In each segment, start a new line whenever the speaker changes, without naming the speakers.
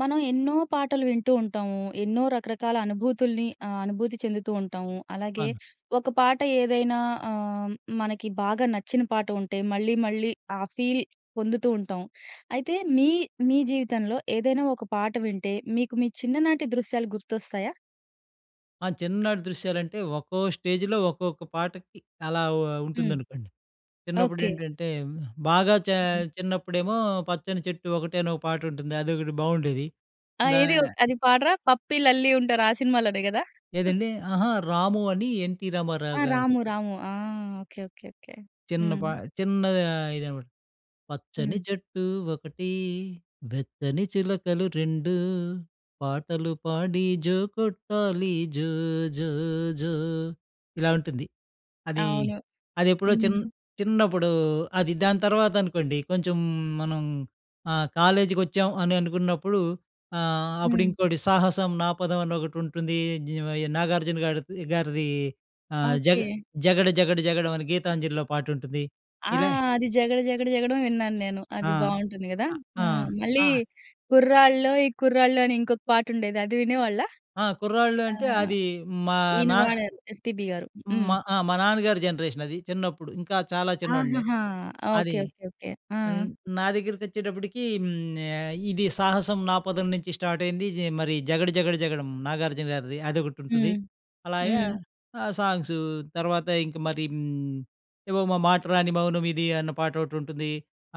మనం ఎన్నో పాటలు వింటూ ఉంటాము. ఎన్నో రకరకాల అనుభూతుల్ని ఆహ్, అనుభూతి చెందుతూ ఉంటాము. అలాగే,
అవును.
ఒక పాట ఏదైనా ఆహ్, హ్మ్ మనకి బాగా నచ్చిన పాట ఉంటే, మళ్ళీ మళ్ళీ ఆ ఫీల్ పొందుతూ ఉంటాం. అయితే, మీ, మీ జీవితంలో ఏదైనా ఒక పాట వింటే, మీకు మీ చిన్ననాటి దృశ్యాలు గుర్తొస్తాయా?
ఆ! చిన్ననాటి దృశ్యాలంటే ఒక్కో స్టేజ్‌లో ఒక్కొక్క పాటకి అలా ఓ
హ్మ్.
ఉంటుందనుకోండి.
ఓకే.
చిన్నప్పుడేంటంటే, హ్మ్, బాగా చే
హ్మ్.
చిన్నప్పుడేమో 'పచ్చని చెట్టు ఒకటే' అనొక పాటుంటుంది. అదొకటి బావుండేది.
ఆ!
దా
ఏదీ ఒ అది పాడరా? 'పప్పీ, లల్లి' ఉంటారు, ఆ సినిమాలోనే గదా?
ఏదండీ? అహా! రాము అని 'ఎన్‌ టి
ఆ!
రామారావు' గారు.
రాము, రాము ఆ! ఓకే. ఓకే. ఓకే.
చిన్న
హ్మ్.
పా చిన్నా ఇదనమాట. పచ్చని
హ్మ్.
చెట్టు ఒకటి, వెచ్చని చిలకలు రెండూ, పాటలు పాడి జో కొట్టాలి జో జో జో ఇలా ఉంటుంది. అదీ
అవును.
అదెప్పుడో చిన్
హ్మ్.
చిన్నప్పుడూ అది. దాని తర్వాతనుకోండి, కొంచుం మనం ఆహ్, కాలేజికొచ్చాం అని అనుకున్నప్పుడు ఆహ్,
హ్మ్.
అప్పుడింకోటి 'సాహసం నాపదం' అనొకటుంటుందీ. నీవయి 'నాగార్జున' గాడిద్ గారిదీ, ఆహ్, జగ
ఓకే.
'జగడ జగడ జగడం' అని 'గీతాంజలి'లో పాటుంటుంది.
ఆ!
ఇలా
అది 'జగడ జగడ జగడమే' విన్నాను నేను.
ఆ!
అది బావుంటుంది గదా?
ఆ! ఆ!
హ్మ్. మళ్ళీ
ఆ!
'కుర్రాళ్ళలోయ్ కుర్రాళ్ళు' అని ఇంకొక పాటుండేది, అది వినేవాళ్ళా?
ఆ! 'కుర్రాళ్ళు'
ఆ!
అంటే, అదీ మా
ఈయన
నా
పాడారు, 'ఎస్.పి.బి.' గారు.
మ
హ్మ్.
ఆ! మా నాన్నగారి జనరేషనది చిన్నప్పుడు. ఇంకా చాలా చిన్నోడిని.
ఆహహా!
అదీ.
ఓకే. ఓకే. ఓకే. ఆ!
న్ నా దగ్గరికొచ్చేటప్పుటికీ హ్మ్, ఆహ్, ఇది 'సాహసం నా పదం' నుంచి స్టార్టయింది. జె మరి 'జగడ జగడ జగడం,' 'నాగార్జున' గారిది, అదొకటుంటది.
హ్మ్.
అలాగే
హ్మ్.
ఆహ్, సాంగ్స్ తర్వాత ఇంక మరి హ్మ్, ఏవో 'మ మాట రాని మౌనమిది' అన్న పాటోటుంటుంది.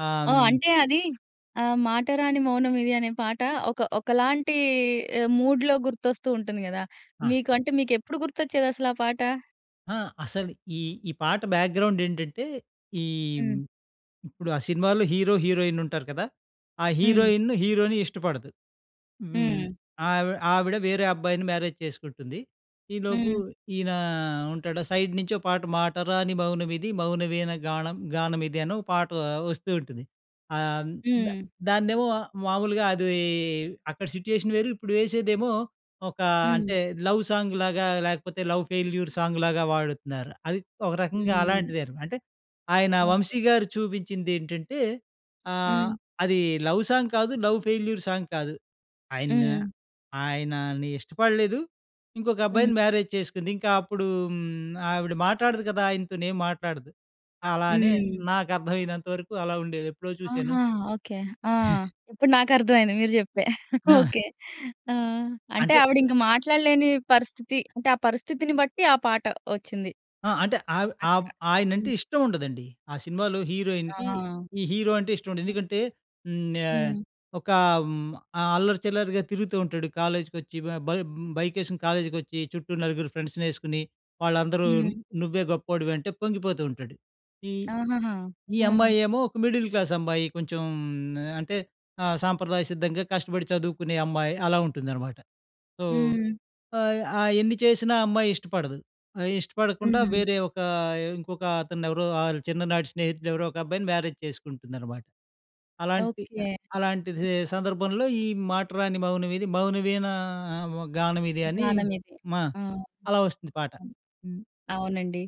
ఆహ్,
ఓహ్!
హ్మ్
అంటే అదీ ఆహ్, 'మాటరాని మౌనమిది' అనే పాట ఒక ఒకలాంటీ ఆహ్, మూడ్‌లో గుర్తొస్తూ ఉంటుంది గదా!
ఆ!
మీకు అంటే, మీకెప్పుడు గుర్తొచ్చేదసలా పాట?
ఆ! అసలు ఈ, ఈ పాట బ్యాక్‌గ్రౌండ్ ఏంటంటే, ఈ
హ్మ్.
ఇప్పుడు ఆ సినిమాలో హీరో, హీరోయిన్ ఉంటారు కదా, ఆ
హ్మ్.
హీరోయిన్ హీరోని ఇష్టపడదు. హ్మ్,
హ్మ్.
ఆవి ఆవిడ వేరే అబ్బాయిని మ్యారేజ్ చేసుకుంటుంది. ఈలోపు
హ్మ్.
ఈయన ఉంటాడా, సైడ్ నుంచి ఒక పాట 'మాట రాని మౌనమిది మౌనవీణ గాణం గానమిది' అనో పాట వస్తూ ఉంటుంది. ఆహ్, ద
హ్మ్.
దాన్నేమో మామూలుగా అది అక్కడ సిట్యుయేషన్ వేరు ఇప్పుడు వేసేదేమో ఒక
హ్మ్.
అంటే లవ్ సాంగ్ లాగా లేకపోతే లవ్ ఫెయిల్యూర్ సాంగ్ లాగా వాడుతున్నారు. అది ఒక రకంగా
హ్మ్.
అలాంటిదేన. అంటే, ఆయన
ఓకె.
'వంశీ' గారు చూపించిందేంటంటే, ఆహ్,
హ్మ్.
అది లవ్ సాంగ్ కాదు లవ్ ఫెయిల్యూర్ సాంగ్ కాదు ఆయన
హ్మ్.
ఆయనని ఇష్టపడలేదు ఇంకొక
హ్మ్.
అబ్బాయిని మ్యారేజ్ చేసుకుంది. ఇంక అప్పుడు హ్మ్, ఆవిడ మాట్లాడదు కదా, ఆయనతో ఏం మాట్లాడదు. అలా అని
హ్మ్.
నాకు అర్థమయినంత వరకు అలావుండేది ఎప్పుడో చూశాను.
ఆహా! ఓకే, ఆ! ఇప్పుడు నాకు అర్థమయింది మీరు చెప్తే.
ఆ!
ఓకే, ఆ! అంటే
అంటే
ఆవిడింక మాట్లాడలేని పరిస్థితి, అంటే ఆ పరిస్థితిని బట్టి ఆ పాట వచ్చింది.
ఆహ్, అంటే ఆవ్ ఆ
అక్కడ,
ఆయన అంటే
హ్మ్.
ఇష్టం ఉండదండి. ఆ సినిమాలో హీరోయిన్‌కి,
ఆహా!
ఈ హీరో అంటే ఇష్టం ఉండదు. ఎందుకంటే హ్మ్, ఆహ్,
హ్మ్.
ఒకా హ్మ్, ఆహ్, అల్లరి చిల్లరిగా తిరుగుతూ ఉంటాడు. కాలేజ్‌కొచ్చి బ బ బైక్ ఏసుకొని కాలేజీకొచ్చి చుట్టూ 4 ఫ్రెండ్స్‌నేసుకొని, వాళ్ళందరూ
హ్మ్.
నువ్వే గొప్పోడివి అంటే, పొంగిపోతూ ఉంటాడు. ఈ,
ఆహాహా!
ఈ
హ్మ్.
అమ్మాయి ఏమో ఒక మిడిల్ క్లాస్ అమ్మాయి. కొంచెం ఆహ్, అంటే ఆహ్, సాంప్రదాయ సిద్ధంగా కష్టపడి చదువుకునే అమ్మాయి. అలా ఉంటుందనమాట. సో,
హ్మ్.
ఆహ్, ఆహ్, ఎన్ని ఆహ్, చేసినా ఆ అమ్మాయి ఇష్టపడదు. ఆహ్, ఇష్టపడకుండా,
హ్మ్.
వేరే ఒక ఇంకొక అతను ఎవరో, ఆ చిన్ననాటి స్నేహితుడు ఎవరో ఒక అబ్బాయిని మ్యారేజ్ చేసుకుంటుందనమాట. అలాంటి
ఓకె!
ఆహ్, అలాంటి స్ సందర్భంలో ఈ 'మాట రాని మౌనమిది మౌనవీణ ఆహ్, గానమిది' అని
జ్ఞానం ఇది.
మా
ఆహ్.
అలా వస్తుంది పాట. హ్మ్.
అవునండి.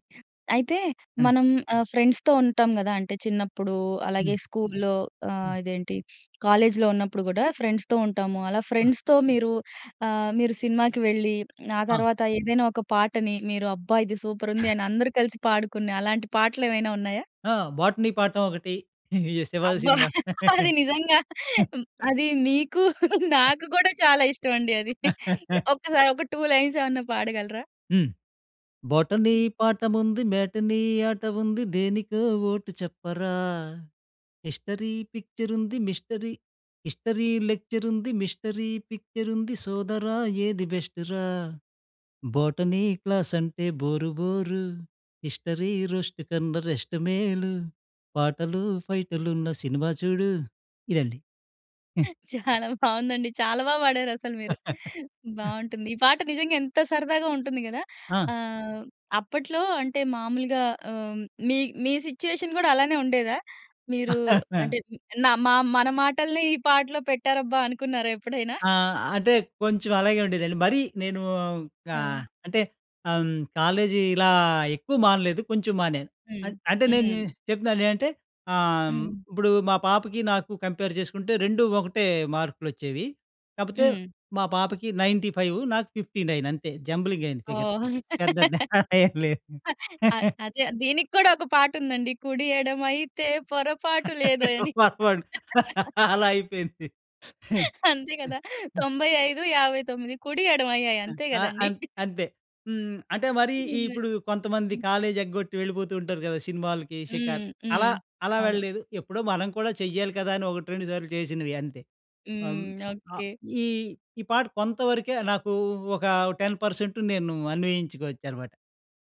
అయితే
హ్మ్.
మనం ఆహ్, ఫ్రెండ్స్‌తో ఉంటాం గదా. అంటే చిన్నప్పుడు, అలాగే
హ్మ్.
స్కూల్‍లో, ఆహ్
హ్మ్.
,ఇదేంటి కాలేజ్‌లో ఉన్నప్పుడు గూడా, ఫ్రెండ్స్‌తో ఉంటాము. అలా
ఆ!
ఫ్రెండ్స్‌తో మీరు ఆహ్, మీరు సినిమాకి వెళ్ళి, ఆ
ఆ!
తర్వాత ఏదైనా ఒక పాటని మీరు అబ్బా! ఇది సూపర్ ఉంది, అని అందరూ కలిసి పాడుకునే అలాంటి పాటలు ఏవైనా ఉన్నాయా?
ఆహ్, 'బోటనీ పాఠం' ఒకటి ఈ శివాజీ
అబ్బా!
సినిమా.
అది నిజంగా అది నీకు నాకు గూడా చాలా ఇష్టం అండి అది. ఒకసారి ఒక టూ లైన్స్ ఏమన్నా పాడగలరా?
హ్మ్ బోటనీ
హ్మ్.
పాఠముంది మేటనీ ఆట ఉంది దేనికో ఓటు చెప్పరా, హిస్టరీ పిక్చర్ ఉంది మిస్టరీ హిస్టరీ లెక్చర్ ఉంది మిస్టరీ పిక్చర్ ఉంది సోదరా ఏది బెస్టు రా, బోటనీ క్లాస్ అంటే బోరు బోరు, హిస్టరీ రోస్ట్ కన్న రెస్ట్ మేలు, పాటలు ఫైటులున్న సినిమా చూడు. ఇదండి హ్మ్.
చాలా బావుందండి. చాలా బా పాడారు అసలు మీరు. బావుంటుంది ఈ పాట నిజంగా ఎంత సరదాగా ఉంటుంది గదా.
ఆ!
ఆహ్, అప్పట్లో అంటే మామూలుగా ఆహ్, మీ, మీ సిచుయేషన్ గూడా అలానే ఉండేదా? మీరు అంటే నా మా మన మాటల్ని ఈ పాటలో పెట్టారబ్బా అనుకున్నారా ఎప్పుడైనా?
ఆహ్, అంటే కొంచెం అలాగే ఉండేదండి. మరీ నేనూ ఆహ్,
ఆ!
అంటే హ్మ్, కాలేజీ ఇలా ఎక్కువ మానలేదు. కొంచెం మానాను.
హ్మ్,
అం అంటే నేను
హ్మ్.
చెప్తున్నా నే అంటే ఆహ్, హ్మ్,
హ్మ్.
ఇప్పుడు మా పాపకి నాకు కంపేర్ చేసుకుంటే 2 ఒకటే మార్కులు వచ్చేవి. కాకపోతే
హ్మ్.
మా పాపకి 95 నాకు 59 అంతే జంబ్లింగ్ అయింది
ఓ
ఫిగర్ పెద్ద తేడా ఏం లేదు.
ఆ అదే దీనికి కూడా ఒక పాట ఉందండి. కుడియడమైతే పొరపాటు లేదోయ్ అని.
పొరపాటు అలా అయిపోయింది.
అంతే కదా 95, 59 కుడి ఎడమ అయ్యాయి అంతే
ఆహ్,
గదండీ.
అం అంతే. హ్మ్, అంటే మరి
నిజమే,
ఇప్పుడు కొంతమంది
హ్మ్.
కాలేజ్ ఎగ్గొట్టి వెళ్ళిపోతూ ఉంటారు గదా, సినిమాలకి, షికార్
హ్మ్,
అలా
హ్మ్.
అలా
అవును.
వెళ్ళలేదు. ఎప్పుడో మనం కూడా చెయ్యాలి గదా అని, ఒకట్రెండు సార్లు చేసినవి అంతే. హ్మ్,
హ్మ్,
ఆహ్,
ఓకె.
ఈ, ఈ పాట కొంతవరకే నాకు ఒక 10% నేను అన్వయించుకోవచ్చు అనమాట.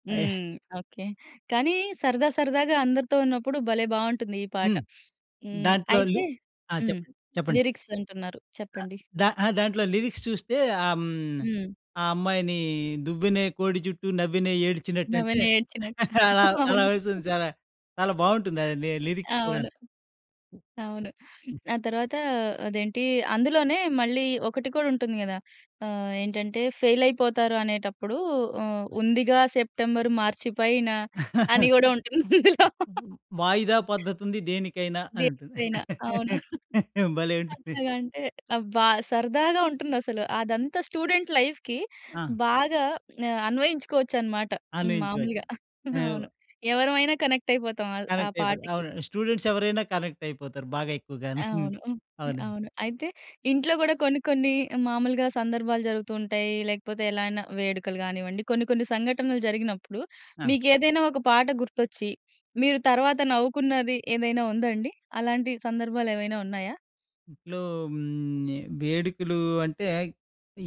హ్మ్, ఓకే. కానీ సరదా సరదాగా అందరితో ఉన్నప్పుడు భలే బావుంటుంది ఈ పాట.
హ్మ్,
హ్మ్,
దాంట్లో లి
అయితే
ఆ!
హ్మ్,
చెప్పండి, చెప్పండి.
లిరిక్స్ అంటున్నారు
అ
చెప్పండి.
దా అ దాంట్లో లిరిక్స్ చూస్తే ఆహ్, హ్మ్,
హ్మ్.
ఆ అమ్మాయిని "దువ్వెనే కోడి జుట్టు నవ్వేనే ఏడ్చినట్టు" అంటే
నవ్వేనే ఏడ్చినట్టు.
అలా, అలా
అవును.
వస్తుంది చాలా చాలా బావుంటుంది, అది లిరిక్స్ కూడాన.
అవును. అవును
హ్మ్.
ఆ తర్వాత, అదేంటి అందులోనే మళ్ళీ ఒకటి కూడా ఉంటుంది గదా. ఆహ్, ఏంటంటే ఫెయిలయిపోతారు అనేటప్పుడు ఆహ్, ఉందిగా సెప్టెంబర్ మార్చి పైన అని గూడా ఉంటుందందులో.
"వాయిదా పద్ధతుంది దేనికైనా" అని ఉంటుంది.
దేనికైనా అవును.
భలే ఉంటుంది.
అట్లాగంటే, అబ్బా! సరదాగా ఉంటుందసలు. అదంతా స్టూడెంట్ లైఫ్‌కి
ఆ!
బాగా ఆహ్, అన్వయించుకోవచ్చనమాట. హ్మ్
అన్వయించుకోవచ్చు.
మాములుగా
అవు
అవును. ఎవరమైనా కనెక్ట్ అయిపోతాం ఆహ్, ఆ
కనెక్ట్ అయిపోతుంది.
పాటకి.
అవును స్టూడెంట్స్ ఎవరైనా కనెక్ట్ అయిపోతారు బాగా ఎక్కువగాను, హ్మ్,
అవును, హ్మ్,
అవునండి.
అవును. అయితే, ఇంట్లో గూడా కొన్ని, కొన్ని మామూలుగా సందర్భాలు జరుగుతూ ఉంటాయి. లేకపోతే ఎలా అయినా వేడుకలు గానివ్వండి, కొన్ని, కొన్ని సంఘటనలు జరిగినప్పుడు,
అ!
మీకేదైనా ఒక పాట గుర్తొచ్చి మీరు తర్వాత నవ్వుకున్నది ఏదైనా ఉందా అండి? అలాంటి సందర్భాలేమైనా ఉన్నాయా?
ఇంట్లో హ్మ్, ఈ వేడుకలు అంటే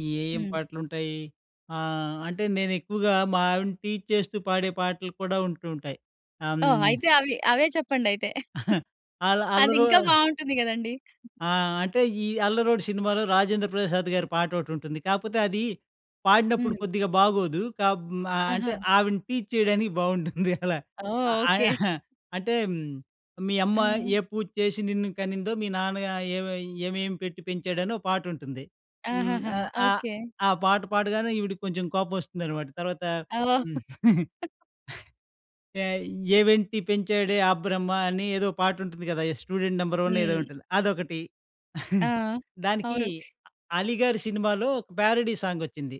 ఏ, ఏం
హ్మ్.
పాటలు ఉంటాయి. ఆహ్, అంటే నేను ఎక్కువగా మా ఆవిడని టీజ్ చేస్తూ పాడే పాటలు కూడా ఉంటూ ఉంటాయి. ఆహ్,
ఓహ్!
హ్మ్.
అయితే అవి అవే చెప్పండి అయితే.
అల్ల
అది
అల్లరో
ఇంకా బావుంటుంది గదండీ.
ఆహ్, అంటే, ఈ అల్లరోడు సినిమాలో రాజేంద్రప్రసాద్ గారి పాట ఒకటుంటుంది. కాకపోతే అది పాడినప్పుడు
హ్మ్.
కొద్దిగా బాగోదు. కా మ
ఆహా!
అంటే ఆవిడని టీజ్ చేయడానికి బావుంటుంది అలా.
ఓహ్!
ఆహ్,
ఓకె.
అంటే "మీ అమ్మ
ఆ!
ఏ పూజ చేసి నిన్ను కనిందో మీ నాన్న ఏమి ఏమేమి పెట్టి పెంచాడని" ఒక పాట ఉంటుంది. హ్మ్,
ఆహాహా!
ఆహ్, ఆహ్,
ఓకె.
ఆ పాట పాడగానే ఈవిడకి కొంచెం కోపం వస్తుందనమాట తర్వాత,
ఆవొ
హ్మ్. "ఏమెంట్టి పెంచాడే ఆ బ్రహ్మ" అని, ఏదో ఒక పాటుంటుంది గదా, ఈ 'స్టూడెంట్ నంబర్ వన్' ఏదో
హ్మ్.
ఉంటుంది. అదొకటి
ఆ!
దానికి
అవును.
అలీ గారి సినిమాలో, ఒక ప్యారడీ సాంగొచ్చింది.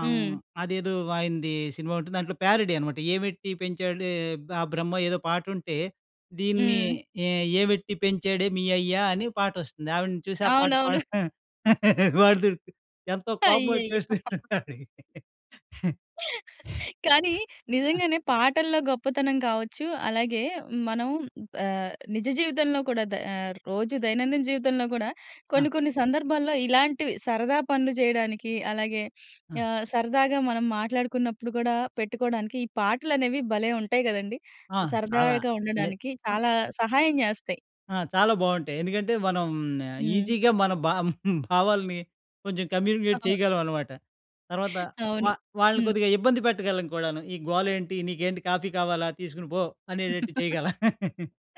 ఆహ్,
హ్మ్.
అదేదో ఆయనది సినిమా ఉంటుంది. దాంట్లో ప్యారడీ అనమాట "ఏమెట్టి పెంచాడే ఆ బ్రహ్మ' ఏదో పాట ఉంటే, దీన్ని
హ్మ్.
"ఏ ఏమెట్టి పెంచాడే మీ అయ్యా" అని పాటొస్తుంది ఆవిడని చూసి ఆ పాట
అవునవును.
పాడ్ వాడు ఎంతో కోపం
అయ్యయ్యో!
వచ్చేస్తుంది ఆవిడకి.
కానీ నిజంగానే పాటల్లో గొప్పతనం కావచ్చు. అలాగే మనం ఆహ్, నిజ జీవితంలో కూడా ద రోజు దైనందిన జీవితంలో గూడా
ఆ!
కొన్ని కొన్ని సందర్భాల్లో ఇలాంటివి, సరదా పనులు జేయడానికి, అలాగే
ఆ!
ఆహ్, సరదాగా మనం మాట్లాడుకున్నప్పుడు గూడా పెట్టుకోవడానికి ఈ పాటలు అనేవి భలే ఉంటాయి గదండీ.
ఆ! చాలా.
సరదాగా
లే
ఉండడానికి
హ్మ్.
చాలా సహాయం జేస్తాయి.
ఆ! చాలా బావుంటాయి. ఎందుకంటే మనం
హ్మ్.
ఈజీగా మన భా భావాల్ని కొంచెం కమ్యూనికేట్ చేయగలం అనమాట. తర్వాత
అవును.
వా వాళ్ళని
హ్మ్.
కొద్దిగా ఇబ్బంది పెట్టగలం కూడాను. "ఈ గోలేంటి? నీకేంటి కాఫీ కావాలా, తీసుకొని పో." అనేటట్టు చేయగలం.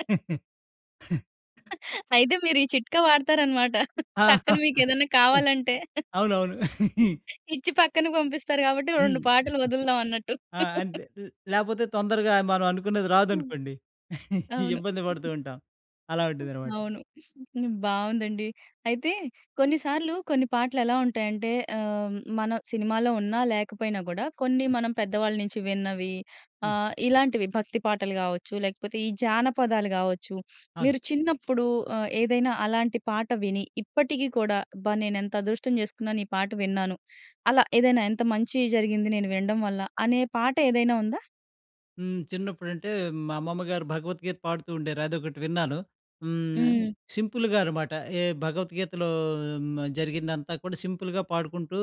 అయితే మీరీ చిట్కా వాడుతారన్నమాట.
ఆ!
టక్కన మీకెదైనా కావాలంటే.
అవునవును.
ఇచ్చి పక్కన పంపిస్తారు గాబట్టి,
హ్మ్.
2 పాటలు ఒదులుదాం అన్నట్టు.
ఆ! అంతే. ల్ లేపోతే తొందరగా మనం అనుకున్నది
హ్మ్.
రాదనుకోండి
అవును.
ఇబ్బంది పడుతూ ఉంటాం. అలా ఉంటుందనమాట.
అవును. బావుందండి. అయితే కొన్నిసార్లు కొన్ని పాటలు ఎలా ఉంటాయంటే ఆహ్, మన సినిమాలో ఉన్నా లేకపోయినా కూడా కొన్ని మనం పెద్దవాళ్ళ నుంచి విన్నవి
హ్మ్.
ఆహ్, ఇలాంటివి భక్తి పాటలు గావచ్చు, లేకపోతే ఈ జానపదాలు గావచ్చు,
అవును.
మీరు చిన్నప్పుడు ఆహ్, ఏదైనా అలాంటి పాట విని ఇప్పటికి కూడా "అబ్బా! నేను ఎంత అదృష్టం చేసుకున్నాను, ఈ పాట విన్నాను." అలా ఏదైనా, "ఎంత మంచి జరిగింది, నేను వినడం వల్ల!" అనే పాట ఏదైనా ఉందా?
హ్మ్. చిన్నప్పుడంటే మా అమ్మమ్మ గారు భగవత్ గీత పాడుతూ ఉండేవారు అదొకటి విన్నాను. హ్మ్.
హ్మ్.
సింపుల్‌గా అనమాట. ఏ భగవత్ గీతలో మ్ జరిగిందంతా కూడా సింపుల్‌గా పాడుకుంటూ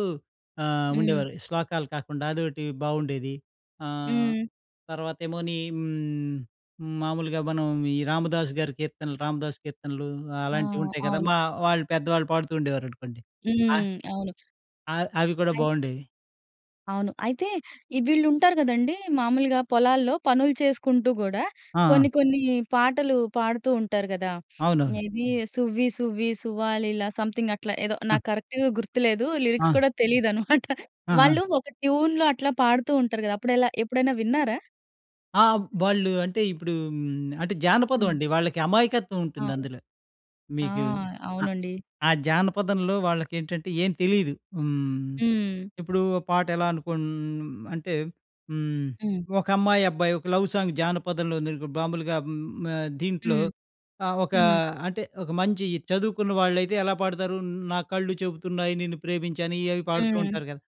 ఆహ్,
హ్మ్.
ఉండేవాళ్ళు. శ్లోకాలు కాకుండా అదొటి బాగుండేది. ఆహ్,
హ్మ్.
తర్వాత ఏమోని హ్మ్ మామూలుగా మనం ఈ రామదాసు గారి కీర్తనలు రామదాసు కీర్తనలు
ఆ!
అలాంటివి ఉంటాయి గదా!
అవును.
మా వాళ్ళు, పెద్దవాళ్ళు పాడుతూ ఉండేవారనుకోండి. ఆహ్
హ్మ్. అవును.
అవ్ అవి కూడా
అయి
బాగుండేవి.
అవును. అయితే, ఈ వీళ్ళుంటారు గదండీ, మాములుగా పొలాల్లో పనులు చేసుకుంటూ గూడా,
ఆ!
కొన్ని
ఆ!
కొన్నీ పాటలు పాడుతూ ఉంటారు గదా!
అవునవును.
ఇదీ 'సువ్వి సువ్వి సువ్వాలీల' సంథింగట్లా ఏదో,
ఆ!
నాకు కరక్ట్‌గా గుర్తులేదు. లిరిక్స్
ఆ!
కూడా తెలీదనమాట.
ఆహా!
వాళ్ళూ ఒక ట్యూన్‍లో అట్లా పాడుతూ ఉంటరు గదా! అప్పుడెలా? ఎప్పుడైనా విన్నారా?
ఆ! వాళ్ళు అంటే ఇప్పుడూ హ్మ్, అంటే
హ్మ్.
జానపదవండి. వాళ్ళకి
అవును.
అమాయకత్వవుంటుందందులో.
ఆ!
మీకూ ఆహ్,
అవునండి.
ఆ జానపదంలో వాళ్ళకేంటంటే, ఏం తెలీదు. హ్మ్.
హ్మ్.
ఇప్పుడూ ఓ పాటెలా అనుకోన్ అంటే, హ్మ్,
హ్మ్.
ఒక అమ్మాయబ్బాయి ఒక లవ్ సాంగ్ జానపదంలో ఉందానుకో, బాంబులుగా హ్మ్, ఆహ్, దీంట్లో
హ్మ్.
ఆహ్, ఒకా
హ్మ్.
అంటే, ఒక మంచీ చదువుకున్న వాళ్ళైతే, ఎలా పాడుతారు 'న్ నా కళ్ళు చెబుతున్నాయి నిన్ను ప్రేమించాను,' ఇయ్యవి పాడుతూ
హ్మ్.
ఉంటారు గదా!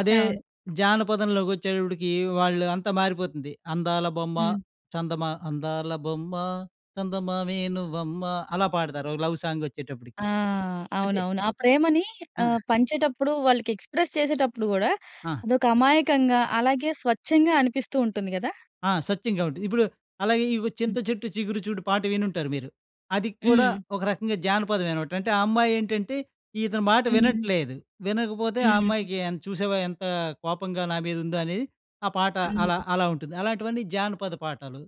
అదే
అవును.
జానపదంలోగొచ్చేటప్పుడికీ, వాళ్ళు అంతా మారిపోతుంది. 'అందాల బొమ్మ,
హ్మ్.
చందమా' అందాల బొమ్మ, చందమావే నువ్వమ్మా అలా పాడుతారు, ఓ లవ్ సాంగొచ్చేటప్పుటికి.
ఆ!
అంటే
అవునవును. ఆ ప్రేమనీ
ఆ!
ఆహ్, పంచేటప్పుడు, వాళ్ళకెక్స్‌ప్రెస్ చేసేటప్పుడు గూడా,
ఆ!
అదొక అమాయకంగా, అలాగే స్వచ్ఛంగా అనిపిస్తూ ఉంటుంది గదా?
ఆ! సత్యం గాబట్టి. ఇప్పుడు అలాగే, ఇవొ
హ్మ్.
'చింత చెట్టు చిగురు చూడు' పాట వినుంటారు మీరు. అది కూడా
హ్మ్.
ఒక రకంగా జానపదమేనమాట. అంటే, ఆ అమ్మాయేంటంటే, ఇతని మాట
హ్మ్.
వినట్లేదు, వినకపోతే, "ఆ
హ్మ్.
అమ్మాయికి ఎన్ చూశావా, ఎంతా కోపంగా, నా మీదుందో" అనేది ఆ పాట, అలా,
హ్మ్.
అలా ఉంటుంది. అలాంటివన్నీ జానపద పాటలు.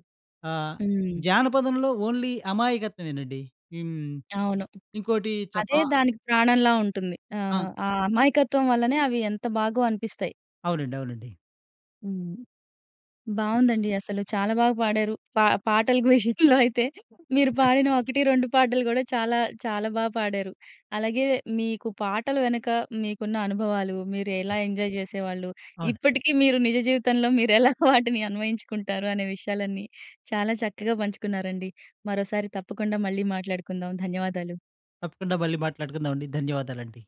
ఆహ్,
హ్మ్.
జానపదంలో ఓన్లీ అమాయకత్వమేనండి. హ్మ్.
అవును.
ఇంకోటీ చప్
అదే
ఆ!
దానికి ప్రాణంలా ఉంటుంది. ఆ!
ఆ!
ఆ అమాయకత్వం వల్లనే, అవి ఎంత బాగో అనిపిస్తాయి.
అవునండి, అవునండి.
హ్మ్. బావుందండి అసలు. చాలా బాగా పాడారు. పా పాటలకి విషయంలో అయితే, మీరు పాడిన 1, 2 పాటలు గూడా చాలా, చాలా బా పాడారు. అలాగే మీకు పాటల వెనక, మీకున్న అనుభవాలు, మీరు ఎలా ఎంజాయ్ జేసేవాళ్ళు,
అవును.
ఇప్పటికి మీరు నిజ జీవితంలో, మీరెలా వాటిని అన్వయించుకుంటారు అనే విషయాలన్నీ చాలా చక్కగా పంచుకున్నారండి. మరోసారి తప్పకుండా మళ్ళీ మాట్లాడుకుందాం. ధన్యవాదాలు.
తప్పకుండా మళ్ళీ మాట్లాడుకుందామండి. ధన్యవాదాలండి.